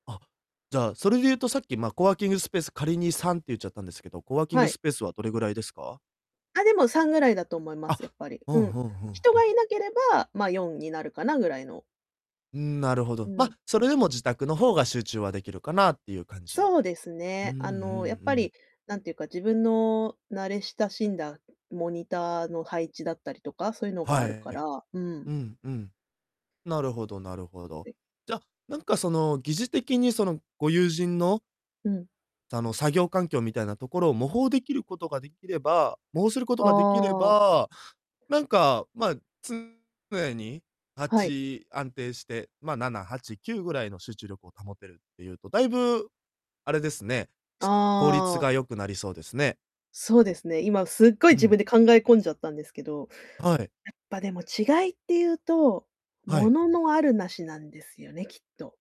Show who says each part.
Speaker 1: あ、じゃあ、それで言うと、さっき、ま、コワーキングスペース、仮に3って言っちゃったんですけど、コワーキン
Speaker 2: は
Speaker 1: グ
Speaker 2: い。
Speaker 1: スペースはどれぐらいですか？
Speaker 2: あ、でも3ぐらいだと思います、やっ
Speaker 1: あ、
Speaker 2: ぱり。
Speaker 1: う
Speaker 2: う
Speaker 1: ん、
Speaker 2: ん。
Speaker 1: ふんふん
Speaker 2: 人
Speaker 1: ふ
Speaker 2: が
Speaker 1: ん。
Speaker 2: いなければ、ま、4になるかなぐらいの。
Speaker 1: うーん、なるほ
Speaker 2: う
Speaker 1: ど。ま、
Speaker 2: ん。
Speaker 1: それでも自宅の方が集中はできるかなってゆう感じ。
Speaker 2: そうです
Speaker 1: うーん、
Speaker 2: ね、
Speaker 1: うんう
Speaker 2: あの、やっぱ
Speaker 1: ん。
Speaker 2: り、なんてゆうか、自分の慣れ親しんだモニターの配置だったりとか、そうゆのが
Speaker 1: はい、
Speaker 2: あるか
Speaker 1: え、
Speaker 2: ら、うん。
Speaker 1: うんうん。なるほどなるほど。
Speaker 2: はい。
Speaker 1: じゃ、なんか、その、疑似的に、その、ご友人の
Speaker 2: うん。
Speaker 1: あの、作業環境みたいなところを模倣できることができれば模倣することができれ
Speaker 2: ああ。
Speaker 1: ば、なんか、まあ、常に、は
Speaker 2: はい。
Speaker 1: ち、安定して、まあ、7、8、9ぐらいの集中力を保てるっていうと、だいぶ、あれですね、し効率
Speaker 2: ああ。
Speaker 1: が良くなりそうですね。
Speaker 2: そうですね、今すっごい
Speaker 1: う
Speaker 2: 自分
Speaker 1: ん。
Speaker 2: で考え込んじゃったんですけど、
Speaker 1: はい。
Speaker 2: やっぱでも、違いってゆうと、
Speaker 1: はい。
Speaker 2: 物のある無しなんですよね、きっと。